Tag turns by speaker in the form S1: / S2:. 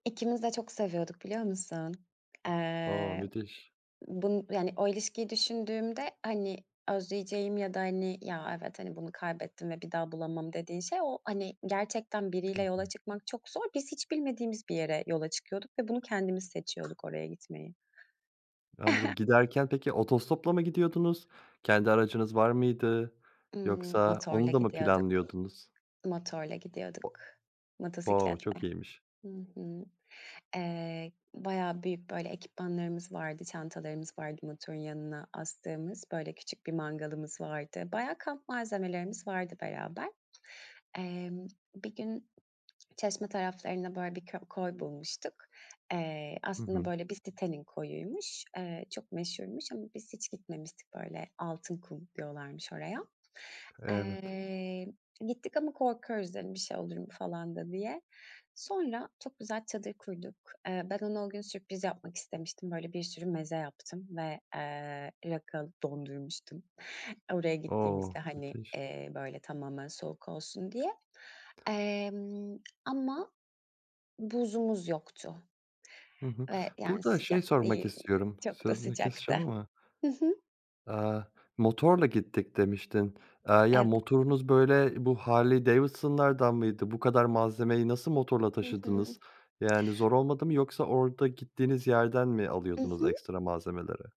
S1: İkimiz de çok seviyorduk biliyor musun?
S2: O!
S1: Eee,
S2: Müthiş.
S1: bunu yani o ilişkiyi düşündüğümde hani özleyeceğim ya da hani, "Ya, evet hani bunu kaybettim ve bir daha bulamam." dediğim şey, o hani gerçekten
S2: Hı
S1: biriyle yola
S2: hı.
S1: çıkmak çok zor. Biz hiç bilmediğimiz bir yere yola çıkıyorduk ve bunu kendimiz seçiyorduk oraya gitmeyi.
S2: Anladım. Giderken peki otostopla mı gidiyordunuz? Kendi aracınız var mıydı,
S1: Imm,
S2: yoksa
S1: motorla
S2: onu da mı
S1: gidiyorduk.
S2: planlıyordunuz?
S1: Motorla
S2: O
S1: gidiyorduk.
S2: o!
S1: Motosikletle.
S2: Çok iyiymiş
S1: Hı hı. Eee, bayağı büyük böyle ekipmanlarımız vardı, çantalarımız vardı motorun yanına astığımız. Böyle küçük bir mangalımız vardı. Bayağı kamp malzemelerimiz vardı beraber. Emm, bir gün Çeşme taraflarında böyle bir kö koy bulmuştuk. Eee,
S2: Hı
S1: aslında
S2: hı.
S1: böyle bir sitenin koyuymuş. Eee, çok meşhurmuş ama biz hiç gitmemiştik. Böyle, "Altınkum" diyorlarmış oraya.
S2: Evet.
S1: Eee, gittik ama korkuyoruz. Dedim bir şey olur mu falan da diye. Sonra çok güzel çadır kurduk. Eee, ben ona o gün sürpriz yapmak istemiştim. Böyle bir sürü meze yaptım ve, eee, rakı dondurmuştum. Oraya
S2: O!
S1: gittiğimizde hani,
S2: Müthiş.
S1: eee, böyle tamamen soğuk olsun diye. Emm, ama buzumuz yoktu
S2: Hı hı.
S1: ve yani
S2: Burada şey
S1: sıcak
S2: sormak
S1: değil,
S2: istiyorum,
S1: çok da
S2: sözünü
S1: sıcaktı.
S2: keseceğim ama.
S1: Hı hı.
S2: Aaa, motorla gittik demiştin. Eee, ya,
S1: Evet.
S2: motorunuz böyle bu Harley Davidson'lardan mıydı? Bu kadar malzemeyi nasıl motorla
S1: Hı hı.
S2: taşıdınız? Yani zor olmadı mı yoksa orada gittiğiniz yerden mi
S1: Hı
S2: alıyordunuz
S1: hı.
S2: ekstra malzemeleri?